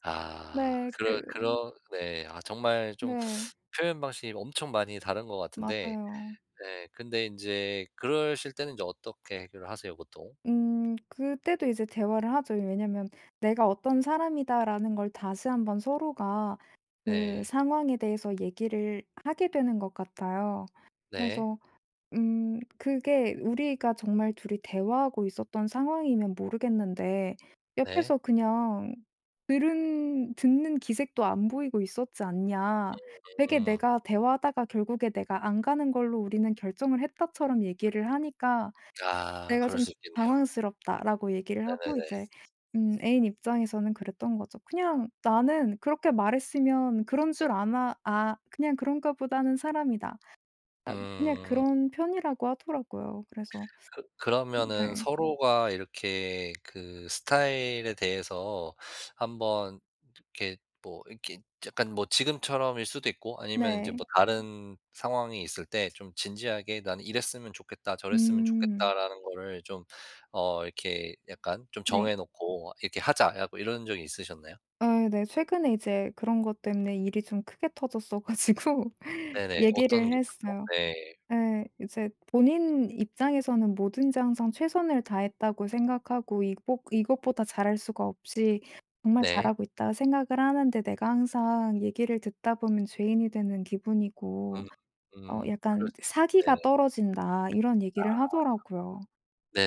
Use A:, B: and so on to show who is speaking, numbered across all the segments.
A: 아.
B: 네.
A: 그러
B: 그
A: 그러 네. 아 정말 좀
B: 네.
A: 표현 방식이 엄청 많이 다른 것 같은데
B: 맞아요.
A: 네 근데 인제 그러실 때는 인제 어떻게 해결을 하세요 보통?
B: 음.그때도 이제 대화를 하죠. 왜냐하면 '내가 어떤 사람이다.'라는 걸 다시 한번 서로가 그
A: 네.
B: 상황에 대해서 얘기를 하게 되는 것 같아요.
A: 네.
B: 그래서 "음 그게 우리가 정말 2 이 대화하고 있었던 상황이면 모르겠는데
A: 네.
B: 옆에서 그냥 들은 듣는 기색도 안 보이고 있었지 않냐. 되게
A: 음음.
B: 내가 대화하다가 '결국에 내가 안 가는 걸로 우리는 결정을 했다.'처럼 얘기를 하니까
A: 아
B: 내가
A: 그럴
B: 좀
A: 수 있겠네요.
B: 당황스럽다."라고 얘기를 하고
A: 네네네.
B: 이제 음 애인 입장에서는 그랬던 거죠. "그냥 나는 그렇게 말했으면 그런 줄 아나 아 그냥 그런가 보다는 사람이다." 아 그냥
A: 음.
B: 그런 편이라고 하더라고요. 그래서
A: 그 그러면은
B: 네.
A: 서로가 이렇게 그 스타일에 대해서 한번 이렇게 뭐 이렇게 약간 뭐 지금처럼일 수도 있고 아니면 인제
B: 네.
A: 뭐 다른 상황이 있을 때 좀 진지하게 나는 이랬으면 좋겠다, 저랬으면
B: 음.
A: 좋겠다라는 거를 좀 어 이렇게 약간 좀
B: 네.
A: 정해 놓고 "이렇게 하자!"라고 이런 적이 있으셨나요?
B: 아 네 최근에 이제 그런 것 때문에 일이 좀 크게 터졌어 가지고
A: 네네. 어떤
B: 얘기를
A: 게 있었죠?
B: 했어요.
A: 네.
B: 예. 이제 본인 입장에서는 "뭐든지 항상 최선을 다했다고 생각하고 이것 이것보다 잘할 수가 없이 정말
A: 네.
B: 잘하고 있다 생각을 하는데 내가 항상 얘기를 듣다 보면 죄인이 되는 기분이고
A: 음.
B: 어
A: 음
B: 약간
A: 그러시지
B: 그 사기가
A: 네.
B: 떨어진다." 이런
A: 아.
B: 얘기를 하더라고요.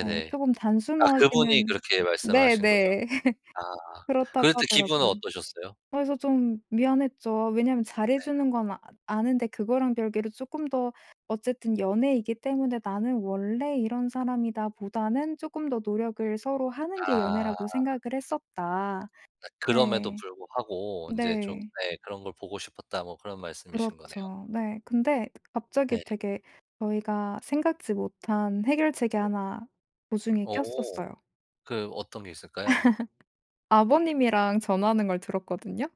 B: 네. 조금
A: 아 그분이
B: 단순하기는
A: 그렇게 말씀을 하신 거죠?
B: 네네.
A: 아.
B: 그렇다고
A: 그럴 때 기분은
B: 하더라고요.
A: 어떠셨어요?
B: 그래서 좀 미안했죠. 아 왜냐하면 잘 해
A: 네.
B: 주는 건 아 아는데 그거랑 별개로 쪼끔 더 어쨌든 연애이기 때문에 '나는 원래 이런 사람이다.'보다는 쪼끔 더 노력을 서로 하는 게
A: 아.
B: 연애라고 생각을 했었다.
A: 아 그럼에도
B: 네.
A: 불구하고 인제 좀
B: 네.
A: 예 '그런 걸 보고 싶었다.' 뭐 그런 말씀이신 거네요?
B: 그렇죠. 네. 근데 갑자기
A: 네.
B: 되게 저희가 생각지 못한 해결책이
A: 네.
B: 1 도중에
A: 어.
B: 꼈었어요.
A: 그 어떤 게 있을까요?
B: 아버님이랑 전화하는 걸 들었거든요?